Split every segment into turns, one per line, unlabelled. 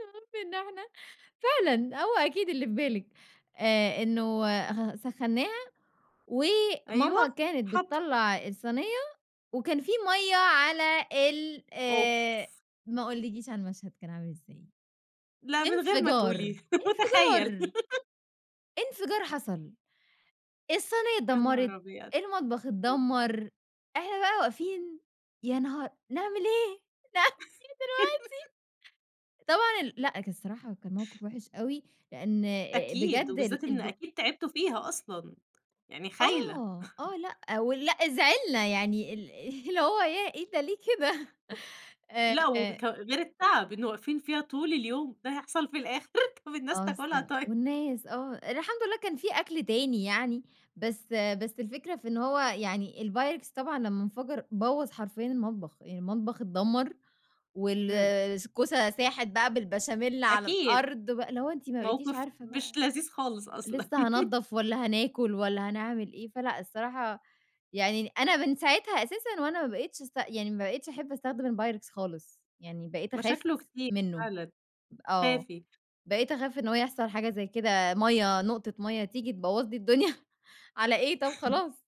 المهم إن إحنا فعلًا هو أكيد اللي في بالِك آآ، إنه آآ، خ سخنّاها وماما
أيوه،
كانت
حط
بِتطلَّع الصينية وكان في مَيَّة على ال
أوف.
آآ، ما أقولكيش على المشهد كان عامل إزاي،
لأ، من غير ما
إنفجار،
تقولي، مُتخيّل.
إنفجار، إنفجار حصل، الصينية
يا
اتدمّرت،
نهار أبيض!
المطبخ
آآ
اتدمّر، إحنا بقى واقفين يا نهار! نعمل إيه، نعمل إيه دلوقتي؟ طبعًا ال لأ كان الصراحة كان موقف وحش أوي لأن آآ،
أكيد،
بجد
وبالذات
ال
إن
الب
أكيد تعبتوا فيها أصلًا، يعني خايلة.
آه، آه لأ، ولأ زِعلنا يعني ال اللي هو ياه! إيه ده ليه كده
لأ
آآ
وبك غير التعب إنه واقفين فيها طول اليوم، ده يحصل في الآخر، طَب الناس
آه
تاكلها
الصراحة،
طيب.
والناس آه، الحمد لله كان في أكل تاني يعني، بس بس الفكرة في إن هو يعني الPyrex طبعًا لمّا انفجر بوّظ حرفيًا المطبخ، يعني المطبخ اتدمّر
إمم.
والكوسة ساحت بقى بالبشاميل على
أكيد،
الأرض بقى، اللي هو أنتِ ما بقيتيش
موقف
عارفة
مش
بقى،
لذيذ خالص أصلًا.
لسه هانضّف والَّا هناكل، والَّا هنعمل إيه، فلأ الصراحة يعني أنا من ساعتها أساسًا وأنا ما بقيتش أست يعني ما بقيتش أحب أستخدم الpyrex خالص، يعني بقيت أخاف
مشاكله كتير
منّه،
فعلاً،
آه،
خافي.
بقيت أخاف إن هو يحصل حاجة زي كده مَيَّة، نقطة مَيَّة تيجي تبوّظ لي الدنيا، على إيه طَب خلاص،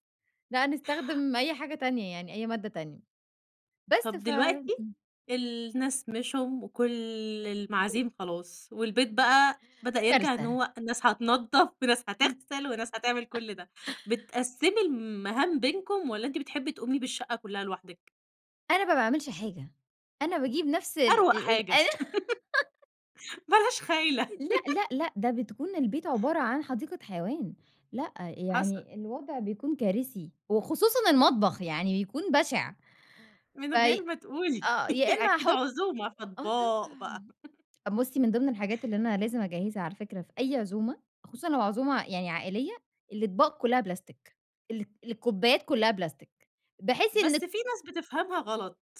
لأ نستخدم أي حاجة تانية يعني أي مادة تانية، بس
طَب
ف
دلوقتي،
امم.
الناس مشيوا وكل
[unintelligible]
المعازيم خلاص، والبيت بقى بدأ يرجع إن
كارثة.
هو الناس هتنضّف في ناس
إمم.
هتغسل وناس هتعمل كُلّ ده، بتقسِّمي المهام بينكم، والَّا أنتِ بتحبي تقومي بالشقة كلّها لوحدِك؟
أنا ما باعملش حاجة، أنا باجيب نفس ال
أروق
ال
حاجة،
ال
بلاش خايلة.
لأ، لأ، لأ، ده بتكون البيت عبارة عن حديقة حيوان، لأ،
حصل.
يعني الوضع بيكون كارثي وخصوصًا المطبخ، يعني بيكون بشع،
من غير
فاي
ما تقولي،
آه، يا إمّا
أكيد
هاحط
عزومة،
آه
فأطباق بقى.
طبعًا، بُصّي من ضمن الحاجات اللي أنا لازم أجهّزها على فكرة في أي عزومة، خصوصًا لو عزومة يعني عائلية، الاطباق كلّها بلاستيك، ال الكوبايات كلّها بلاستيك بحيث
بس
إن
في ناس بتفهمها غلط.